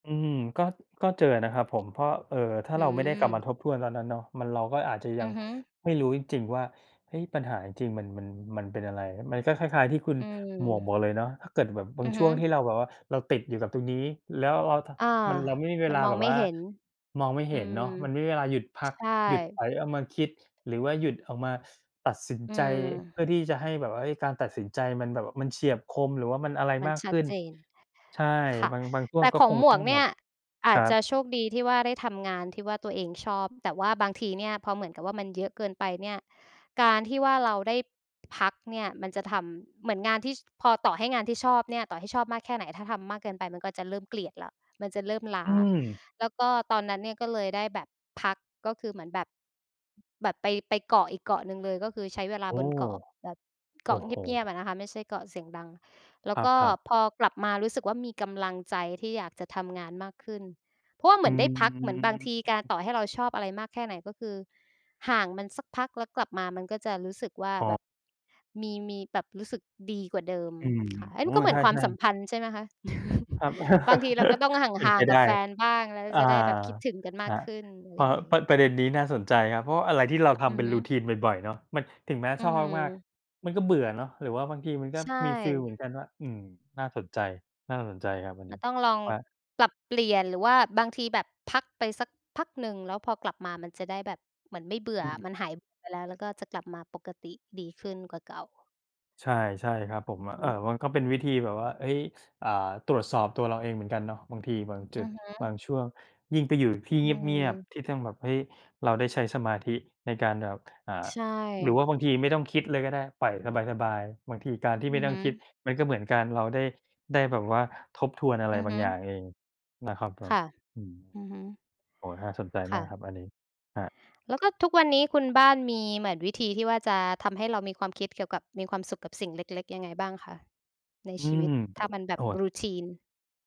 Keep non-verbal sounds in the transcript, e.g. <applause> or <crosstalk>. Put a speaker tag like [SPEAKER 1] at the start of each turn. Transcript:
[SPEAKER 1] อืม ก็ ก็เจอนะครับผม เพราะ เอ่อ ถ้า
[SPEAKER 2] อื
[SPEAKER 1] เราไม่ได้กลับ
[SPEAKER 2] ม
[SPEAKER 1] มาทบทวนตอนนั้นเนาะ มัน เราก็อาจจะย
[SPEAKER 2] อ
[SPEAKER 1] ั
[SPEAKER 2] ื
[SPEAKER 1] ง
[SPEAKER 2] อฮึ
[SPEAKER 1] ไม่รู้จริง ๆ ว่า เฮ้ย ปัญหาจริง ๆ มัน มัน มันเป็นอะไร มันก็คล้าย ๆ ที่คุณ
[SPEAKER 2] อืม
[SPEAKER 1] หมวกบอกเลยเนาะ ถ้าเกิดแบบบ
[SPEAKER 2] อ
[SPEAKER 1] า
[SPEAKER 2] ื
[SPEAKER 1] ง
[SPEAKER 2] อ
[SPEAKER 1] ช
[SPEAKER 2] ฮ
[SPEAKER 1] ่
[SPEAKER 2] ึ
[SPEAKER 1] วงที่เราแบบว่าเราติดอยู่กับตรงนี้ แล้วเรา ท
[SPEAKER 2] อา
[SPEAKER 1] มันเราไม่มีเว
[SPEAKER 2] มั
[SPEAKER 1] ล
[SPEAKER 2] น
[SPEAKER 1] า
[SPEAKER 2] ม
[SPEAKER 1] แ
[SPEAKER 2] อ
[SPEAKER 1] บ
[SPEAKER 2] ง
[SPEAKER 1] บ
[SPEAKER 2] ไม่
[SPEAKER 1] ว่า
[SPEAKER 2] เห็น
[SPEAKER 1] มองไม่
[SPEAKER 2] อ
[SPEAKER 1] เ
[SPEAKER 2] ื
[SPEAKER 1] ห็น
[SPEAKER 2] ม
[SPEAKER 1] เนาะ มันไม่มีเวลาหยุดพั
[SPEAKER 2] ใช
[SPEAKER 1] ก
[SPEAKER 2] ่
[SPEAKER 1] หยุดไปเอามาคิด หรือว่าหยุดออกมาตัดสิน
[SPEAKER 2] อื
[SPEAKER 1] ใจเพื่
[SPEAKER 2] ม
[SPEAKER 1] อที่จะให้แบบว่า เอ๊ย การตัดสินใจมันแบบมันเฉียบคม หรือว่ามันอะไร
[SPEAKER 2] มัน
[SPEAKER 1] มาก
[SPEAKER 2] ช
[SPEAKER 1] ข
[SPEAKER 2] ัด
[SPEAKER 1] ึ้น
[SPEAKER 2] เจน
[SPEAKER 1] ใช่
[SPEAKER 2] ค่ะ
[SPEAKER 1] บาง บางช่
[SPEAKER 2] แ
[SPEAKER 1] ว
[SPEAKER 2] ต
[SPEAKER 1] ง
[SPEAKER 2] ่
[SPEAKER 1] ก็
[SPEAKER 2] ของ
[SPEAKER 1] คง
[SPEAKER 2] หม
[SPEAKER 1] ต
[SPEAKER 2] ว
[SPEAKER 1] ้อ
[SPEAKER 2] ก
[SPEAKER 1] ง
[SPEAKER 2] เน
[SPEAKER 1] แบ
[SPEAKER 2] ี่
[SPEAKER 1] บ
[SPEAKER 2] ยอ
[SPEAKER 1] ค
[SPEAKER 2] า
[SPEAKER 1] ร
[SPEAKER 2] จ
[SPEAKER 1] ั
[SPEAKER 2] จะ
[SPEAKER 1] บ
[SPEAKER 2] โชคดีที่ว่าได้ทำงานที่ว่าตัวเองชอบ แต่ว่าบางทีเนี่ยพอเหมือนกับว่ามันเยอะเกินไปเนี่ย การที่ว่าเราได้ พักเนี่ยมันจะทำ เหมือนงานที่ พอต่อให้งานที่ชอบเนี่ย ต่อให้ชอบมากแค่ไหน ถ้าทำมากเกินไปมันก็จะเริ่มเกลียดแล้ว มันจะเริ่มล้า
[SPEAKER 1] อืม
[SPEAKER 2] แล้วก็ตอนนั้นเนี่ยก็เลยได้แบบพัก ก็คือเหมือนแบบ แบบไป ไปเกาะอีกเกาะหนึ่งเลย ก็คือใช้เวลา
[SPEAKER 1] โอ้
[SPEAKER 2] บนเกาะแบบ เ
[SPEAKER 1] โ
[SPEAKER 2] ก
[SPEAKER 1] อ
[SPEAKER 2] าะ
[SPEAKER 1] ้
[SPEAKER 2] เ
[SPEAKER 1] โฮ
[SPEAKER 2] งียบ ๆ อะนะคะ ไม่ใช่เกาะเสียงดัง แล้
[SPEAKER 1] ค
[SPEAKER 2] ว
[SPEAKER 1] รั
[SPEAKER 2] ก
[SPEAKER 1] บ
[SPEAKER 2] ็
[SPEAKER 1] ครับ
[SPEAKER 2] พอกลับมารู้สึกว่ามีกำลังใจที่อยากจะทำงานมากขึ้น เพราะว่าเห
[SPEAKER 1] อ
[SPEAKER 2] ม
[SPEAKER 1] ื
[SPEAKER 2] ือนได้พัก เหมือนบางทีการ
[SPEAKER 1] ม
[SPEAKER 2] ต่อให้เราชอบอะไรมากแค่ไหน ก็คือห่างมันสักพักแล้วกลับมามันก็จะรู้สึกว่า
[SPEAKER 1] อ๋
[SPEAKER 2] แ
[SPEAKER 1] อ
[SPEAKER 2] บบ มี มีแบบรู้สึกดีกว่าเดิม
[SPEAKER 1] อืม
[SPEAKER 2] ค่ะ เอ้
[SPEAKER 1] โ
[SPEAKER 2] ย
[SPEAKER 1] อ
[SPEAKER 2] ม
[SPEAKER 1] ้
[SPEAKER 2] ันก็เหม
[SPEAKER 1] ใ
[SPEAKER 2] ื
[SPEAKER 1] ช
[SPEAKER 2] อนความ
[SPEAKER 1] ่
[SPEAKER 2] สัม
[SPEAKER 1] ๆ
[SPEAKER 2] พันธ์ใช่ไหมคะ?
[SPEAKER 1] ครับ
[SPEAKER 2] <chuckles> บางทีเราก็ต
[SPEAKER 1] <chuckles>
[SPEAKER 2] ้องห
[SPEAKER 1] เป็น
[SPEAKER 2] ่า
[SPEAKER 1] ไป
[SPEAKER 2] ง ๆ ก
[SPEAKER 1] ได
[SPEAKER 2] ับ
[SPEAKER 1] ้
[SPEAKER 2] แฟนบ้าง แล้ว
[SPEAKER 1] อา
[SPEAKER 2] จะได้แบบคิดถึงกันม
[SPEAKER 1] ค
[SPEAKER 2] าก
[SPEAKER 1] รับ
[SPEAKER 2] ขึ้น อะไ
[SPEAKER 1] พ
[SPEAKER 2] ร
[SPEAKER 1] อ
[SPEAKER 2] อย่างงี
[SPEAKER 1] ป
[SPEAKER 2] ้
[SPEAKER 1] ระ ประเด็นนี้น่าสนใจครับ เพราะอะไรที่เราท
[SPEAKER 2] อื
[SPEAKER 1] ำเ
[SPEAKER 2] อ
[SPEAKER 1] ป็น
[SPEAKER 2] ฮึ
[SPEAKER 1] Routine บ่อย ๆ เนาะ มัน ถึงแม้
[SPEAKER 2] อื
[SPEAKER 1] ชอบมาก
[SPEAKER 2] ม
[SPEAKER 1] ๆ มันก็เบื่อเนาะ หรือว่าบางทีมันก็
[SPEAKER 2] ใช่
[SPEAKER 1] มีฟีลเหมือนกันว่า อืม น่าสนใจ น่าสนใจครับอัน
[SPEAKER 2] ม
[SPEAKER 1] น
[SPEAKER 2] ั
[SPEAKER 1] ี้
[SPEAKER 2] นต้องลอง
[SPEAKER 1] ครับ
[SPEAKER 2] ปรับเปลี่ยน หรือว่าบางทีแบบพักไปสักพักหนึ่ง แล้วพอกลับมามันจะได้แบบ เหมือนไม่เบื่
[SPEAKER 1] อื
[SPEAKER 2] อ
[SPEAKER 1] ม
[SPEAKER 2] มันหายไปแล้ว แล้วก็จะกลับมาปกติดีขึ้นกว่าเก่า
[SPEAKER 1] ใช่ ใช่ครับผม
[SPEAKER 2] อือ
[SPEAKER 1] อ
[SPEAKER 2] ฮ
[SPEAKER 1] ะ เอ่อ
[SPEAKER 2] ึ
[SPEAKER 1] มันก็เป็นวิธีแบบว่า เฮ้ย อ่า ตรวจสอบตัวเราเองเหมือนกันเนอะ บางทีบางจุ
[SPEAKER 2] อื
[SPEAKER 1] ด
[SPEAKER 2] อฮึ
[SPEAKER 1] บางช่วง ยิ่งไปอยู่ที่
[SPEAKER 2] อ
[SPEAKER 1] เ
[SPEAKER 2] ื
[SPEAKER 1] งียบ
[SPEAKER 2] ม
[SPEAKER 1] ๆ ที่ต้องแบบ เฮ้ย เราได้ใช้สมาธิในการแบบ อ่า
[SPEAKER 2] ใช
[SPEAKER 1] หรือว่
[SPEAKER 2] ่
[SPEAKER 1] าบางทีไม่ต้องคิดเลยก็ได้ ปล่อยสบาย ๆ บางทีการที่
[SPEAKER 2] อื
[SPEAKER 1] ไม่
[SPEAKER 2] อ
[SPEAKER 1] ต้
[SPEAKER 2] ฮ
[SPEAKER 1] อง
[SPEAKER 2] ึ
[SPEAKER 1] คิดมันก็เหมือนการเราได้ ได้แบบว่าทบทวนอะไร
[SPEAKER 2] อือ
[SPEAKER 1] บา
[SPEAKER 2] ฮ
[SPEAKER 1] ง
[SPEAKER 2] ึ
[SPEAKER 1] อย่างเองนะครับผ
[SPEAKER 2] ค
[SPEAKER 1] ม
[SPEAKER 2] ่ะ
[SPEAKER 1] อืม
[SPEAKER 2] อือฮึ
[SPEAKER 1] โอ้โฮ น่าสนใจ
[SPEAKER 2] ค
[SPEAKER 1] มา
[SPEAKER 2] ่
[SPEAKER 1] ก
[SPEAKER 2] ะ
[SPEAKER 1] ครับอันนี้ ครับ
[SPEAKER 2] แล้วก็ทุกวันนี้คุณบ้านมีเหมือนวิธีที่ว่าจะทำให้เรามีความคิดเกี่ยวกับมีความสุขกับสิ่งเล็ก ๆ ยังไงบ้างคะใน
[SPEAKER 1] อื
[SPEAKER 2] ชีว
[SPEAKER 1] ม
[SPEAKER 2] ิต? ถ้ามันแบ
[SPEAKER 1] โอ้
[SPEAKER 2] บ
[SPEAKER 1] โฮ
[SPEAKER 2] Routine